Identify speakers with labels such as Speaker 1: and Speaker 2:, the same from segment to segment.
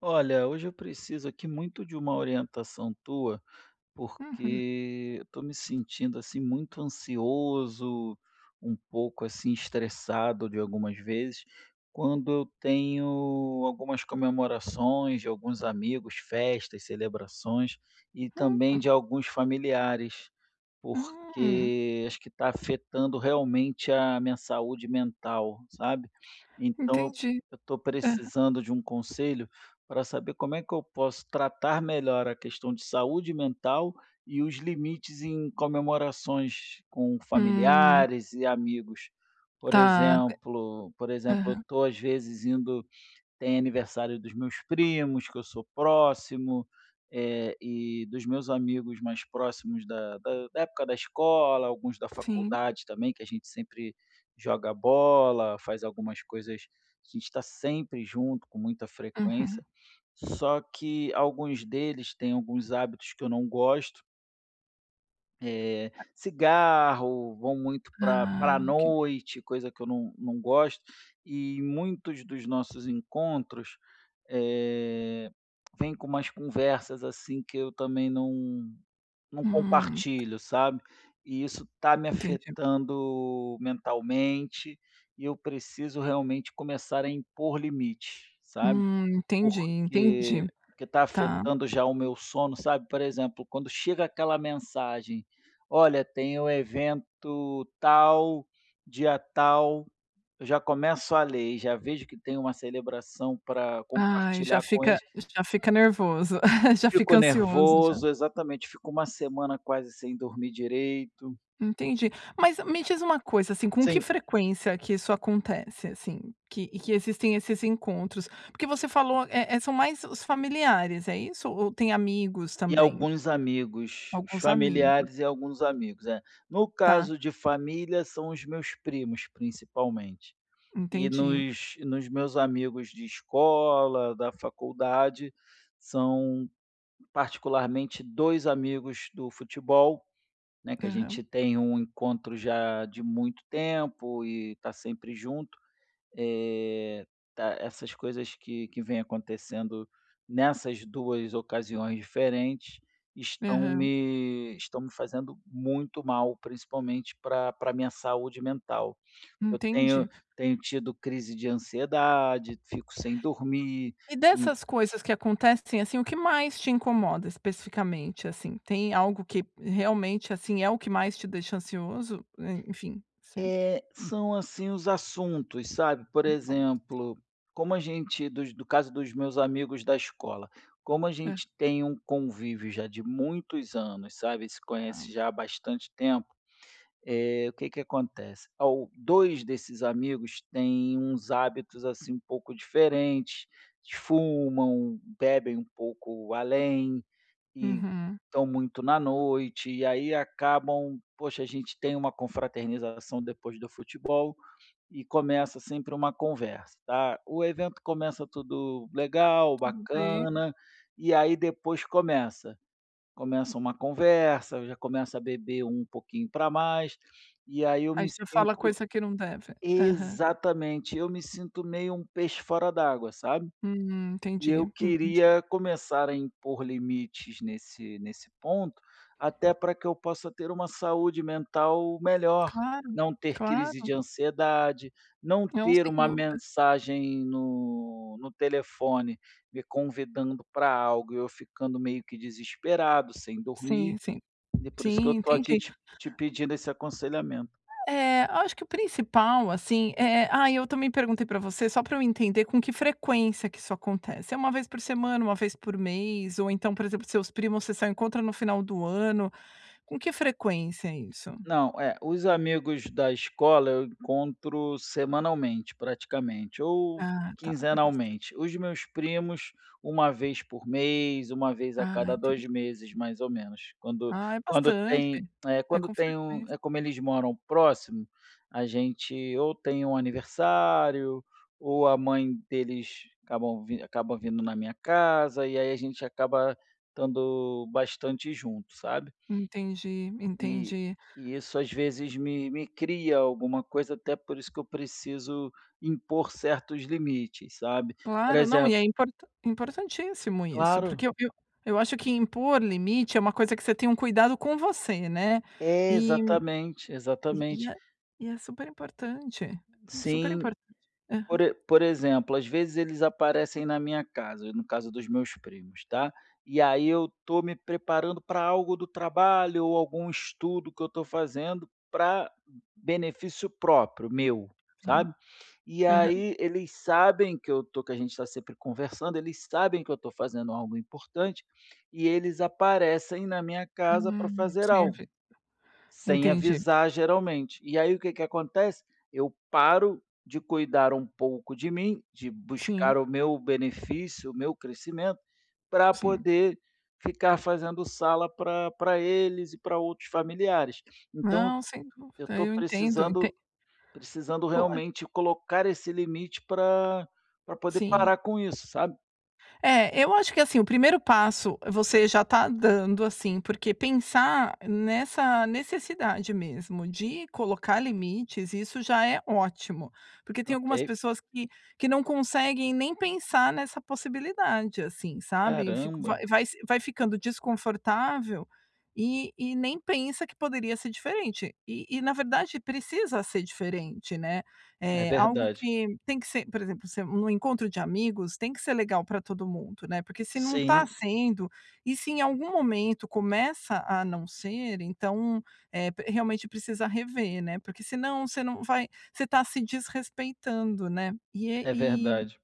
Speaker 1: Olha, hoje eu preciso aqui muito de uma orientação tua,
Speaker 2: Uhum.
Speaker 1: porque, eu tô me sentindo, assim, muito ansioso, um pouco, assim, estressado, de algumas vezes, quando eu tenho, algumas comemorações de alguns amigos, festas, celebrações e também
Speaker 2: Uhum.
Speaker 1: de alguns familiares,
Speaker 2: Hum.
Speaker 1: porque acho que tá afetando realmente a minha saúde mental, sabe. Então eu
Speaker 2: Entendi.
Speaker 1: eu tô
Speaker 2: Aham.
Speaker 1: precisando de um conselho pra saber como é que eu posso tratar melhor a questão de saúde mental e os limites em comemorações com
Speaker 2: Hum.
Speaker 1: familiares e amigos. Por
Speaker 2: Tá. Dé
Speaker 1: exemplo por exemplo, eu
Speaker 2: Aham.
Speaker 1: tô às vezes indo tem aniversário dos meus primos, que eu sou próximo, eh, e dos meus amigos mais próximos, da da da época da escola, alguns da
Speaker 2: Sim.
Speaker 1: faculdade também, que a gente sempre joga bola, faz algumas coisas que a gente tá sempre junto, com muita
Speaker 2: Uhum.
Speaker 1: frequência. Só que alguns deles têm alguns hábitos que eu não gosto Eh,
Speaker 2: [unintelligible]
Speaker 1: cigarro, vão muito pra
Speaker 2: Ah.
Speaker 1: pra
Speaker 2: [unintelligible]
Speaker 1: noite, coisa que eu não não gosto. E muitos dos nossos encontros, eh, vem com umas conversas, assim, que eu também não não
Speaker 2: Hum.
Speaker 1: compartilho, sabe. E isso tá me
Speaker 2: Entendi.
Speaker 1: afetando mentalmente e eu preciso realmente começar a impor limites, sabe.
Speaker 2: Hum, entendi,
Speaker 1: Porque
Speaker 2: entendi.
Speaker 1: porque tá
Speaker 2: Tá.
Speaker 1: afetando já o meu sono, sabe. Por exemplo, quando chega aquela mensagem: "Olha, tem o evento tal, dia tal", eu já começo a ler e já vejo que tem uma celebração pra
Speaker 2: Ai, já
Speaker 1: compartilhar com
Speaker 2: fica
Speaker 1: eles.
Speaker 2: já fica nervoso, já fica
Speaker 1: Fico
Speaker 2: ansioso, já.
Speaker 1: nervoso exatamente, fico 1 semana quase sem dormir direito.
Speaker 2: Entendi. Mas me diz uma coisa, assim, com que
Speaker 1: Sim.
Speaker 2: frequência que isso acontece, assim, que que existem esses encontros? Porque você falou, é é, são mais os familiares, é isso? Ou tem amigos
Speaker 1: E
Speaker 2: também?
Speaker 1: alguns amigos, os
Speaker 2: Alguns amigos.
Speaker 1: familiares e alguns amigos, é. No
Speaker 2: Tá.
Speaker 1: caso de família, são os meus primos, principalmente. E
Speaker 2: Entendi.
Speaker 1: nos nos meus amigos de escola, da faculdade, são particularmente 2 amigos do futebol, né, que a
Speaker 2: Aham.
Speaker 1: gente tem um encontro já de muito tempo e tá sempre junto. É tá essas coisas que que vêm acontecendo nessas 2 ocasiões diferentes, estão
Speaker 2: Aham.
Speaker 1: me estão me fazendo muito mal, principalmente pra pra minha saúde mental. Eu tenho
Speaker 2: Entendi.
Speaker 1: tenho tido crise de ansiedade, fico sem dormir,
Speaker 2: E
Speaker 1: en
Speaker 2: dessas coisas que acontecem, assim, o que mais te incomoda especificamente, assim? Tem algo que realmente, assim, é o que mais te deixa ansioso? É, enfim, se
Speaker 1: É, são assim os assuntos, sabe? Por
Speaker 2: [unintelligible]
Speaker 1: exemplo, como a gente dos no caso dos meus amigos da escola, como a
Speaker 2: É.
Speaker 1: gente tem um convívio já de muitos anos, sabe, se conhece
Speaker 2: Tá.
Speaker 1: já há bastante tempo, é, o que que acontece? Ao 2 desses amigos têm uns hábitos, assim, um pouco diferentes, fumam, bebem um pouco além e
Speaker 2: Uhum.
Speaker 1: tão muito na noite, e aí acabam, poxa, a gente tem uma confraternização depois do futebol e começa sempre uma conversa, tá. O evento começa tudo legal
Speaker 2: Tudo be
Speaker 1: bacana, e aí depois começa. Começa uma conversa, já começa a beber um pouquinho pra mais, e aí eu
Speaker 2: Aí
Speaker 1: me
Speaker 2: já fala
Speaker 1: sinto
Speaker 2: coisa que não deve. Aham.
Speaker 1: exatamente, eu me sinto meio um peixe fora d'água, sabe.
Speaker 2: Hum,
Speaker 1: E eu
Speaker 2: entendi, entendi.
Speaker 1: queria começar a impor limites nesse nesse ponto, até pra que eu possa ter uma saúde mental melhor,
Speaker 2: Claro,
Speaker 1: não ter crise de
Speaker 2: claro.
Speaker 1: ansiedade, não
Speaker 2: Não,
Speaker 1: ter
Speaker 2: sem
Speaker 1: uma
Speaker 2: dúvida.
Speaker 1: mensagem no no telefone me convidando para algo e eu ficando meio que desesperado, sem dormir.
Speaker 2: Sim, sim.
Speaker 1: E por isso que
Speaker 2: Sim,
Speaker 1: eu tô aqui
Speaker 2: entendi.
Speaker 1: te te pedindo esse aconselhamento.
Speaker 2: É, acho que o principal, assim, é ai, eu também perguntei pra você só pra eu entender com que frequência que isso acontece. É 1 vez por semana, 1 vez por mês, ou então, por exemplo, seus primos, vocês só encontram no final do ano. Com que frequência é isso?
Speaker 1: Não, é, os amigos da escola eu encontro semanalmente, praticamente, ou
Speaker 2: Ah, tá, é bastante.
Speaker 1: quinzenalmente. Os meus primos, 1 vez por mês, 1 vez a
Speaker 2: Ah,
Speaker 1: cada
Speaker 2: entendi.
Speaker 1: 2 meses, mais ou menos. Quando
Speaker 2: Ah, é
Speaker 1: quando tem,
Speaker 2: bastante.
Speaker 1: é,
Speaker 2: É
Speaker 1: quando
Speaker 2: com
Speaker 1: tem um
Speaker 2: frequência.
Speaker 1: é como eles moram próximo, a gente ou tem um aniversário ou a mãe deles acabam v acabam vindo na minha casa e aí a gente acaba tando bastante junto, sabe?
Speaker 2: Entendi,
Speaker 1: E
Speaker 2: entendi.
Speaker 1: e isso às vezes me me cria alguma coisa, até por isso que eu preciso impor certos limites, sabe? Por
Speaker 2: Claro, não, e é
Speaker 1: exemplo
Speaker 2: import importantíssimo isso,
Speaker 1: Claro.
Speaker 2: porque eu eu eu acho que impor limite é uma coisa que você tem um cuidado com você, né?
Speaker 1: É,
Speaker 2: Eh
Speaker 1: exatamente,
Speaker 2: eh, e
Speaker 1: exatamente.
Speaker 2: é e é superimportante,
Speaker 1: Sim.
Speaker 2: superimportante. Aham.
Speaker 1: Por e por exemplo, às vezes eles aparecem na minha casa, no caso dos meus primos, tá. E aí eu tô me preparando pra algo do trabalho ou algum estudo que eu tô fazendo pra benefício próprio, meu,
Speaker 2: Sim.
Speaker 1: sabe. E
Speaker 2: Aham.
Speaker 1: aí eles sabem que eu tô que a gente tá sempre conversando, eles sabem que eu tô fazendo algo importante e eles aparecem na minha casa pra
Speaker 2: Hum,
Speaker 1: fazer algo,
Speaker 2: sempre.
Speaker 1: sem
Speaker 2: Entendi.
Speaker 1: avisar geralmente. E aí o que que acontece? Eu paro de cuidar um pouco de mim, de buscar
Speaker 2: Sim.
Speaker 1: o meu benefício, o meu crescimento, pra
Speaker 2: Sim.
Speaker 1: poder ficar fazendo sala pra pra eles e pra outros familiares. Então
Speaker 2: Não, sem
Speaker 1: eu
Speaker 2: dúvida,
Speaker 1: tô
Speaker 2: eu entendo, entend
Speaker 1: precisando precisando
Speaker 2: Pô.
Speaker 1: realmente colocar esse limite pra pra poder
Speaker 2: Sim.
Speaker 1: parar com isso, sabe?
Speaker 2: É, eu acho que assim, o primeiro passo você já está dando, assim, porque pensar nessa necessidade mesmo de colocar limites, isso já é ótimo, porque tem algumas
Speaker 1: Ok.
Speaker 2: pessoas que que não conseguem nem pensar nessa possibilidade, assim, sabe? Fico
Speaker 1: Caramba!
Speaker 2: vai vai se vai ficando desconfortável e e nem pensa que poderia ser diferente. E e, na verdade, precisa ser diferente, né,
Speaker 1: É
Speaker 2: é, algo
Speaker 1: verdade.
Speaker 2: que tem que ser, por exemplo, ser num encontro de amigos, tem que ser legal para todo mundo, né, porque se não está
Speaker 1: Sim.
Speaker 2: sendo, e se em algum momento começa a não ser, então, é, p realmente precisa rever, né, porque senão você não vai você está se desrespeitando, né,
Speaker 1: É
Speaker 2: e
Speaker 1: verdade.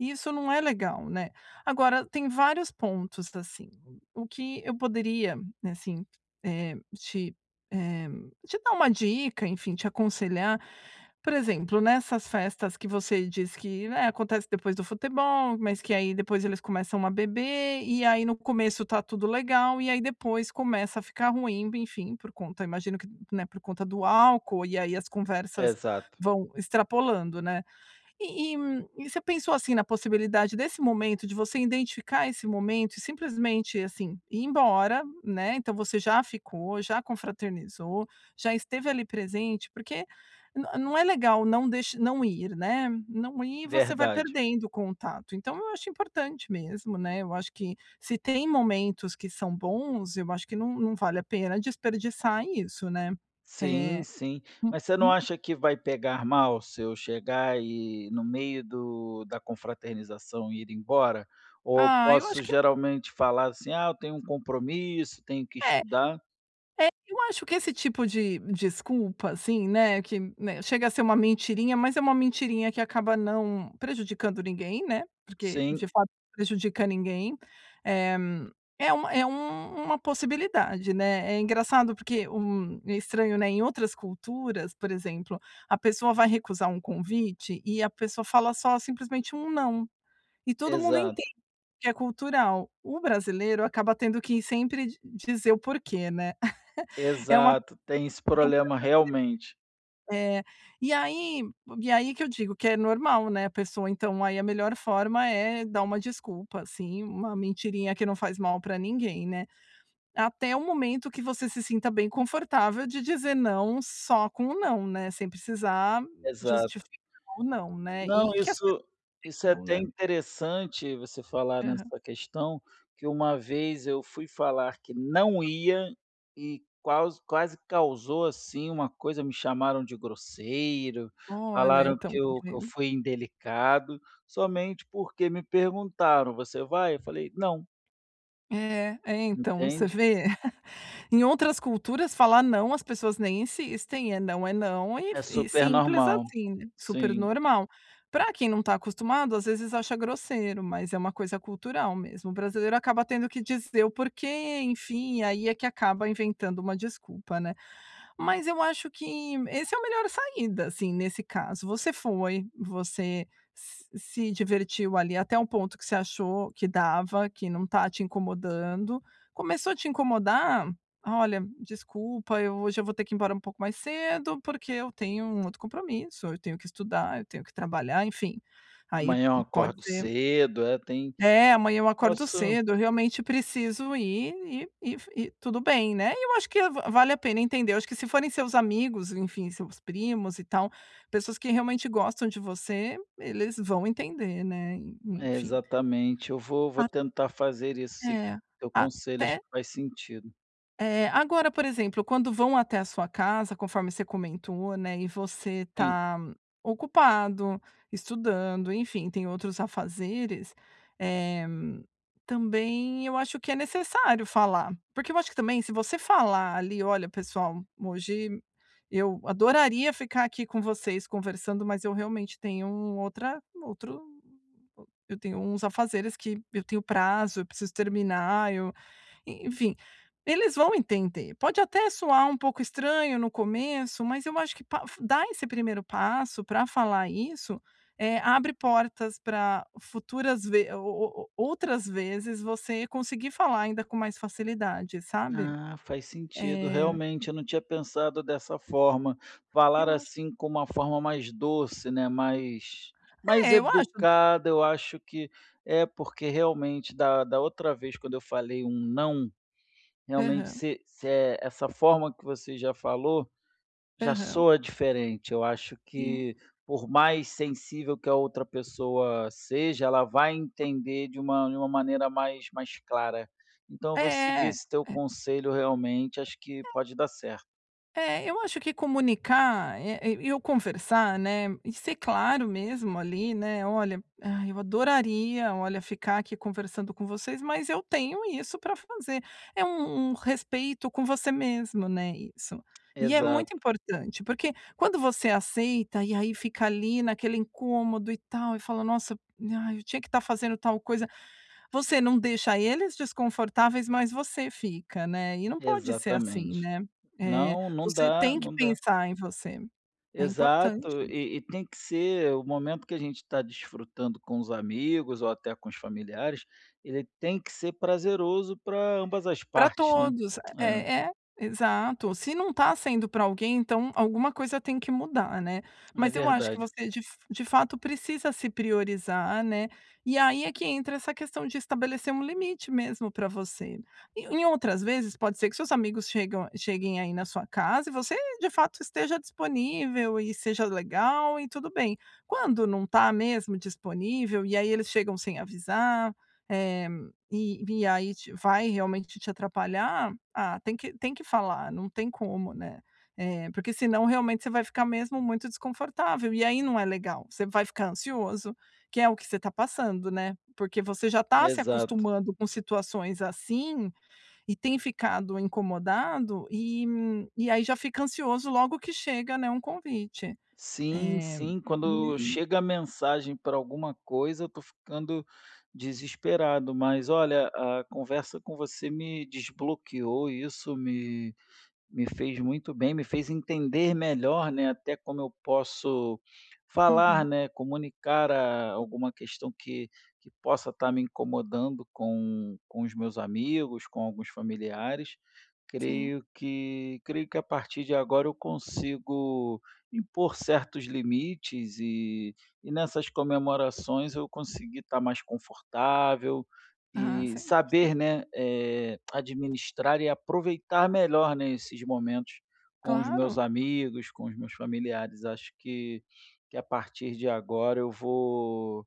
Speaker 2: e isso não é legal, né. Agora, tem vários pontos, assim. O que eu poderia, assim, é, te, é te dar uma dica, enfim, te aconselhar, por exemplo, nessas festas que você diz que, né, acontece depois do futebol, mas que aí depois eles começam a beber, e aí no começo está tudo legal, e aí depois começa a ficar ruim, enfim, por conta imagino que, né, por conta do álcool, e aí as conversas
Speaker 1: Exato.
Speaker 2: vão extrapolando, né. E e e você pensou, assim, na possibilidade desse momento, de você identificar esse momento e simplesmente, assim, ir embora, né. Então você já ficou, já confraternizou, já esteve ali presente, porque n não é legal não deix não ir, né, não ir, você vai
Speaker 1: Verdade.
Speaker 2: perdendo o contato. Então eu acho importante mesmo, né, eu acho que se tem momentos que são bons, eu acho que não não vale a pena desperdiçar isso, né.
Speaker 1: Sim,
Speaker 2: É.
Speaker 1: sim, mas você não
Speaker 2: Uhum.
Speaker 1: acha que vai pegar mal se eu chegar e no meio do da confraternização e ir embora? Ou
Speaker 2: Ah, eu acho
Speaker 1: posso
Speaker 2: que
Speaker 1: geralmente falar assim: "Ah, eu tenho um compromisso, tenho que
Speaker 2: É
Speaker 1: estudar".
Speaker 2: é, eu acho que esse tipo de desculpa, assim, né, que, né, chega a ser uma mentirinha, mas é uma mentirinha que acaba não prejudicando ninguém, né, porque,
Speaker 1: Sim.
Speaker 2: de fato, não prejudica ninguém. Eh, é uma é u uma possibilidade, né, é engraçado porque, hum, é estranho, né, em outras culturas, por exemplo, a pessoa vai recusar um convite e a pessoa fala só simplesmente um não. E todo mundo
Speaker 1: Exato.
Speaker 2: entende que é cultural. O brasileiro acaba tendo que sempre d-dizer o porquê, né. É uma,
Speaker 1: Exato, tem esse problema realmente.
Speaker 2: [unintelligible] É, e aí, e aí que eu digo que é normal, né, a pessoa então, aí a melhor forma é dar uma desculpa, assim, uma mentirinha que não faz mal pra ninguém, né. Até o momento que você se sinta bem confortável de dizer "não" só com um "não", né, sem precisar
Speaker 1: Exato.
Speaker 2: justificar o "não", né. E
Speaker 1: Não,
Speaker 2: que as pessoas
Speaker 1: isso, isso é
Speaker 2: entendam,
Speaker 1: até
Speaker 2: né.
Speaker 1: interessante você falar
Speaker 2: Aham.
Speaker 1: nessa questão, que uma vez eu fui falar que não ia, e qualse quase causou assim uma coisa, me chamaram de grosseiro,
Speaker 2: Olha,
Speaker 1: falaram
Speaker 2: então,
Speaker 1: que
Speaker 2: está
Speaker 1: eu que eu
Speaker 2: vendo.
Speaker 1: fui indelicado, somente porque me perguntaram: "Você vai?" Eu falei: "Não".
Speaker 2: É, é, então, você
Speaker 1: Entende?
Speaker 2: vê? Em outras culturas, falar não, as pessoas nem insistem, é não, é não, e
Speaker 1: É
Speaker 2: f e
Speaker 1: super
Speaker 2: simples
Speaker 1: normal,
Speaker 2: assim, super
Speaker 1: sim.
Speaker 2: normal. Para quem não tá acostumado, às vezes acha grosseiro, mas é uma coisa cultural mesmo. O brasileiro acaba tendo que dizer o porquê, enfim, e aí é que acaba inventando uma desculpa, né. Mas eu acho que, esse é a melhor saída, assim, nesse caso. Você foi, você s-se divertiu ali até o ponto que você achou que dava, que não está te incomodando. Começou a te incomodar? "Olha, desculpa, eu hoje eu vou ter que ir embora um pouco mais cedo, porque eu tenho um outro compromisso, eu tenho que estudar, eu tenho que trabalhar", enfim, aí
Speaker 1: Amanhã eu
Speaker 2: pode
Speaker 1: acordo
Speaker 2: ser
Speaker 1: cedo, é, tem
Speaker 2: é, "Amanhã eu acordo
Speaker 1: posso
Speaker 2: cedo, eu realmente preciso ir" e e f e tudo bem, né. E eu acho que va-vale a pena entender. Acho que se forem seus amigos, enfim, seus primos e tal, pessoas que realmente gostam de você, eles vão entender, né, en
Speaker 1: É,
Speaker 2: enfim.
Speaker 1: exatamente, eu vou vou
Speaker 2: A
Speaker 1: tentar fazer isso, seguir
Speaker 2: É,
Speaker 1: o teu conselho, acho
Speaker 2: até
Speaker 1: que faz sentido.
Speaker 2: Eh, agora, por exemplo, quando vão até a sua casa, conforme você comentou, né, e você
Speaker 1: Sim.
Speaker 2: tá ocupado, estudando, enfim, tem outros afazeres, eh, também eu acho que é necessário falar. Porque eu acho que também se você falar ali: "Olha, pessoal, hoje eu adoraria ficar aqui com vocês conversando, mas eu realmente tenho outra outro eu tenho uns afazeres que eu tenho prazo, eu preciso terminar. Eu", e enfim, eles vão entender. Pode até soar um pouco estranho no começo, mas eu acho que pa dar esse primeiro passo pra falar isso, eh, abre portas pra futuras ve o o outras vezes você conseguir falar ainda com mais facilidade, sabe.
Speaker 1: Ah, faz sentido,
Speaker 2: Eh
Speaker 1: realmente, eu não tinha pensado dessa forma. Falar
Speaker 2: Eu acho
Speaker 1: assim, com uma forma mais doce, né, mais mais
Speaker 2: É, eu acho
Speaker 1: educada, eu acho que é, porque realmente da da outra vez quando eu falei um não, realmente
Speaker 2: Aham.
Speaker 1: se se é essa forma que você já falou, já
Speaker 2: Aham.
Speaker 1: soa diferente. Eu acho
Speaker 2: Sim.
Speaker 1: que por mais sensível que a outra pessoa seja, ela vai entender de uma de uma maneira mais mais clara. Então, eu vou seguir
Speaker 2: É. É.
Speaker 1: esse teu conselho, realmente, acho que
Speaker 2: É.
Speaker 1: pode dar certo.
Speaker 2: É, eu acho que comunicar, é, e e o conversar, né, e ser claro mesmo ali, né, "Olha, ai, eu adoraria, olha, ficar aqui conversando com vocês, mas eu tenho isso pra fazer". É um um respeito com você mesmo, né, isso. E é
Speaker 1: Exato.
Speaker 2: muito importante, porque quando você aceita e aí fica ali naquele incômodo e tal, e fala: "Nossa, ai, eu tinha que estar fazendo tal coisa", você não deixa eles desconfortáveis, mas você fica, né. E não pode ser assim,
Speaker 1: Exatamente.
Speaker 2: né. É,
Speaker 1: Não, não
Speaker 2: você
Speaker 1: dá,
Speaker 2: tem que
Speaker 1: não dá.
Speaker 2: pensar em você. É importante
Speaker 1: Exato.
Speaker 2: isso.
Speaker 1: E e tem que ser o momento que a gente está desfrutando com os amigos ou até com os familiares, ele tem que ser prazeroso para ambas as
Speaker 2: Para
Speaker 1: partes, né.
Speaker 2: todos.
Speaker 1: É.
Speaker 2: É é, exato. Se não está sendo para alguém, então alguma coisa tem que mudar, né.
Speaker 1: É
Speaker 2: Mas eu acho que
Speaker 1: verdade.
Speaker 2: você de f de fato precisa se priorizar, né. E aí é que entra essa questão de estabelecer um limite mesmo para você. Em em outras vezes, pode ser que seus amigos chegam cheguem aí na sua casa e você, de fato, esteja disponível e seja legal e tudo bem. Quando não está mesmo disponível, e aí eles chegam sem avisar, eh, e e aí te vai realmente te atrapalhar, ah, tem que tem que falar, não tem como, né. É, porque senão realmente você vai ficar mesmo muito desconfortável, e aí não é legal. Você vai ficar ansioso, que é o que você está passando, né. Porque você já está se
Speaker 1: Exato.
Speaker 2: acostumando com situações assim e tem ficado incomodado, e e aí já fica ansioso logo que chega, né, um convite.
Speaker 1: Sim,
Speaker 2: É,
Speaker 1: sim, quando
Speaker 2: e e
Speaker 1: chega mensagem para alguma coisa, eu estou ficando desesperado. Mas olha, a conversa com você me desbloqueou e isso me me fez muito bem, me fez entender melhor, né, até como eu posso falar,
Speaker 2: Uhum.
Speaker 1: né, comunicar a alguma questão que que possa estar me incomodando com com os meus amigos, com alguns familiares.
Speaker 2: Sim.
Speaker 1: Creio que creio que a partir de agora eu consigo impor certos limites e e nessas comemorações eu conseguir estar mais confortável
Speaker 2: Ah,
Speaker 1: e
Speaker 2: sem dúvida.
Speaker 1: saber, né, é, administrar e aproveitar melhor, né, esses momentos com os meus
Speaker 2: Claro.
Speaker 1: amigos, com os meus familiares. Acho que que a partir de agora eu vou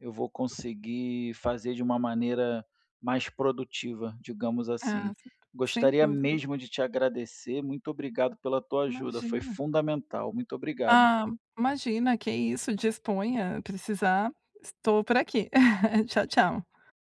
Speaker 1: eu vou conseguir fazer de uma maneira mais produtiva, digamos assim.
Speaker 2: Ah, certo, sem
Speaker 1: Gostaria
Speaker 2: dúvida.
Speaker 1: mesmo de te agradecer, muito obrigado pela tua ajuda, foi
Speaker 2: Imagina.
Speaker 1: fundamental. Muito obrigado
Speaker 2: Ah, imagina, que é isso. Disponha. Precisar, estou por aqui. Tchau, tchau.